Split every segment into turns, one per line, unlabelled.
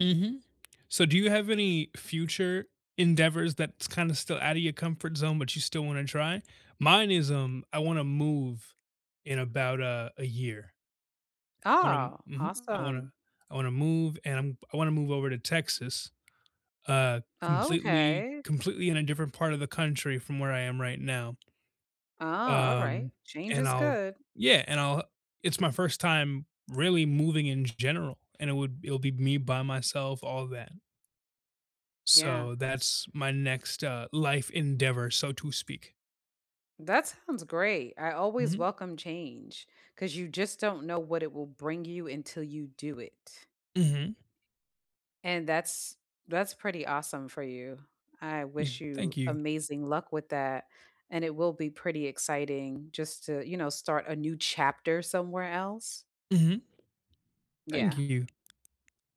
Mhm. So do you have any future endeavors that's kinda still outta your comfort zone, but you still wanna try? Mine is, um, I wanna move in about a a year. Um
Oh,
mhm, I wanna
awesome.
I wanna move and I'm I wanna move over to Texas, uh, completely
Okay.
completely in a different part of the country from where I am right now.
Oh, alright,
Um,
change
and
is
I'll
good.
yeah, and I'll h it's my 1st time really moving in g general, and it would it'll be me by myself, all that.
Yeah.
So that's my next, uh, life endeavor, so to speak.
That sounds great, I always
Mhm.
welcome change 'cause you just don't know what it will bring you until you do it.
Mhm.
And that's that's pretty awesome for you. I
Yeah,
wish
thank
you
you.
amazing luck with that, and it will be pretty exciting just to, you know, start a new chapter somewhere else.
Mhm. Thank
Yeah.
you.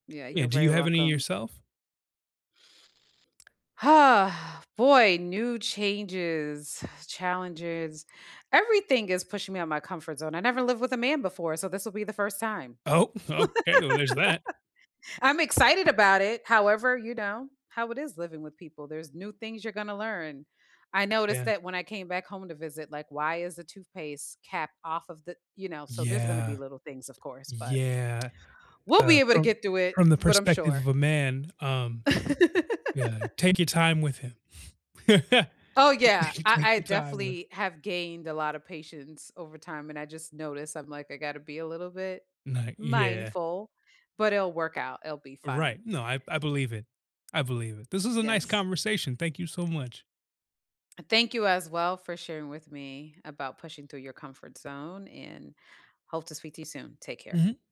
Yeah,
Yeah,
you're
do you
very
have any
welcome.
yourself?
Ah, boy, new changes, challenges, everything is pushing me out my comfort zone; I never lived with a man before, so this will be the 1st time.
Oh, okay, well, there's that.
I'm excited about it, however, you know, how it is living with people there's new things you're gonna learn. I noticed
Yeah.
that when I came back home to visit, like, why is the toothpaste cap off of the you know, so there's gonna be
Yeah.
little things, of course, but
Yeah,
we'll
uh,
be able to
from
get through it,
from the
but I'm
perspective
sure.
of a man, um yeah, take your time with him.
Oh yeah,
T
I
take
I
your time with
definitely have gained a lotta patience over time and I just noticed, I'm like, "I gotta be a little bit
No yeah.
mindful," but it'll work out, it'll be
Right,
fine.
no, I b I believe it, I believe it. This is a nice
Yes.
conversation, thank you so much.
And thank you as well for sharing with me about pushing through your comfort zone and hope to speak to you soon, take care.
Mhm.